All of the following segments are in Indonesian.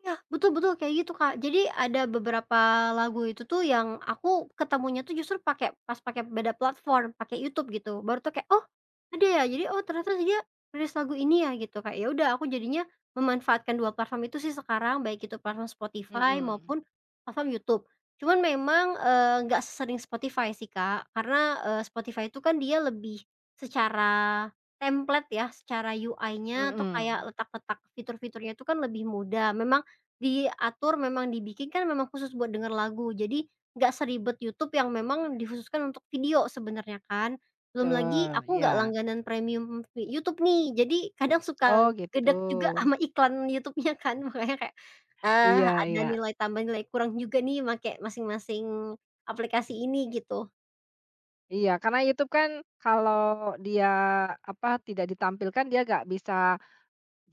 Nah, betul betul, kayak gitu, Kak. Jadi, ada beberapa lagu itu tuh yang aku ketemunya tuh justru pakai pas pakai beda platform, pakai YouTube, gitu. Baru tau, kayak, "Oh, ada ya? Jadi, oh ternyata dia rilis lagu ini, ya?" gitu. Kayak ya udah, aku jadinya memanfaatkan dua platform itu sih sekarang, baik itu platform Spotify, Mhm. maupun platform YouTube. Cuman memang, eee, nggak sesering Spotify sih Kak, karena, eee, Spotify tuh kan dia lebih secara templat ya, secara UI-nya, atau Mhm. kayak letak-letak fitur-fiturnya tuh kan lebih mudah, memang diatur, memang dibikin kan memang khusus buat denger lagu, jadi, nggak seribet YouTube yang memang dikhususkan untuk video, sebenernya, kan? Belum lagi Betul, aku nggak iya. langganan premium YouTube nih, jadi kadang suka Oh, gitu. gedek juga sama iklan YouTube-nya kan, makanya kayak, eee, Iya ada iya. nilai tambah, nilai kurang juga nih, makai masing-masing aplikasi ini, gitu. Iya, karena YouTube kan kalo dia, apa, tidak ditampilkan dia nggak bisa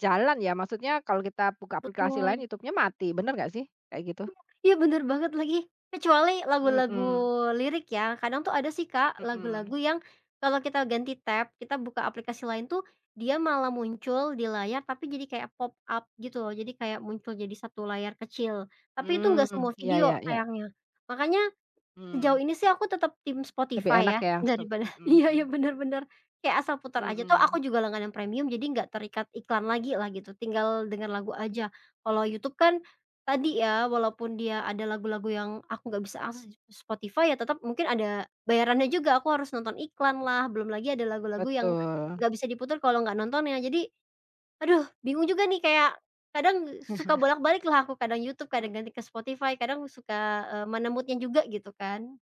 jalan ya. Maksudnya kalau kita buka aplikasi lain Betul. YouTube-nya mati. Bener nggak sih, kayak gitu? Iya! Ya, bener banget lagi. Kecuali lagu-lagu Mhm. lirik ya, kadang tuh ada sih Kak, lagu-lagu Mhm. yang kalau kita ganti tab, kita buka aplikasi lain tuh dia malah muncul di layar tapi jadi kayak pop-up, gitu loh. Jadi kayak muncul jadi 1 layar kecil tapi itu nggak semua Hmm, ya video, ya ya. sayangnya. Makanya sejauh Hmm. ini sih aku tetap tim Lebih Spotify enak ya, ya, yang stop daripada mhm iya mhm. iya, benar benar, kayak asal putar aja, toh aku Mhm. juga langganan premium, jadi nggak terikat iklan lagi lah gitu, tinggal denger lagu aja. Kalau YouTube kan, tadi ya, walaupun dia ada lagu-lagu yang aku nggak bisa akses di ss Spotify, ya tetep mungkin ada bayarannya juga, aku harus nonton iklan lah, belum lagi ada lagu-lagu yang Betul. nggak bisa diputar kalo nggak nontonnya. Jadi aduh bingung juga nih kayak kadang suka bolak-balik lah aku, kadang YouTube, kadang ganti ke Spotify, kadang suka, eee, mana mood-nya juga, gitu kan.